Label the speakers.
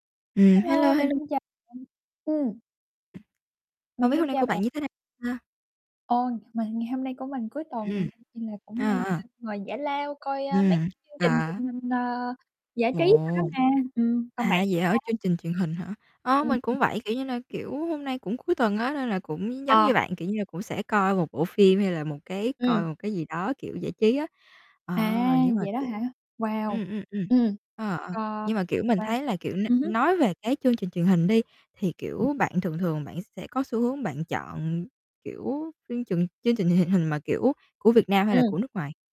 Speaker 1: Ừm, hello,
Speaker 2: Hello, mình
Speaker 1: hello.
Speaker 2: xin chào bạn. Ừm.
Speaker 1: Không
Speaker 2: Mình
Speaker 1: biết hôm
Speaker 2: xin
Speaker 1: nay của
Speaker 2: chào bạn.
Speaker 1: bạn như thế nào ha?
Speaker 2: Ôi! Mà ngày hôm nay của mình cuối tuần
Speaker 1: Ừm.
Speaker 2: nên là cũng đang,
Speaker 1: À, à.
Speaker 2: ơ, ngồi giải lao coi, ơ, mấy
Speaker 1: Ừm,
Speaker 2: cái chương trình
Speaker 1: à.
Speaker 2: truyền hình, ờ, giải trí đó đó
Speaker 1: Ồ!
Speaker 2: mà. Ừm, còn
Speaker 1: À,
Speaker 2: bạn thì
Speaker 1: vậy hả,
Speaker 2: sao?
Speaker 1: chương trình truyền hình hả? Ơ,
Speaker 2: Ừm,
Speaker 1: mình
Speaker 2: ừ.
Speaker 1: cũng vậy, kiểu như nà, kiểu, hôm nay cũng cuối tuần á, nên là cũng nh giống
Speaker 2: Ờ.
Speaker 1: như bạn, kiểu như là, cũng sẽ coi một bộ phim hay là một cái coi
Speaker 2: Ừm.
Speaker 1: một cái gì đó, kiểu, giải trí á. Ờ,
Speaker 2: À,
Speaker 1: nhưng mà,
Speaker 2: vậy đó
Speaker 1: kiểu
Speaker 2: hả? Wow!
Speaker 1: ừm, ừm, ừm,
Speaker 2: Ừm,
Speaker 1: ờ, ờ.
Speaker 2: ờ,
Speaker 1: Nhưng mà, kiểu, mình
Speaker 2: wow.
Speaker 1: thấy là, kiểu, n
Speaker 2: Ừm hứm.
Speaker 1: nói về cái chương trình truyền hình đi, thì, kiểu, bạn thường thường bạn sẽ có xu hướng bạn chọn, kiểu, chương chừng chương trình truyền hình hình mà, kiểu, của Việt Nam hay là
Speaker 2: Ừm.
Speaker 1: của nước ngoài?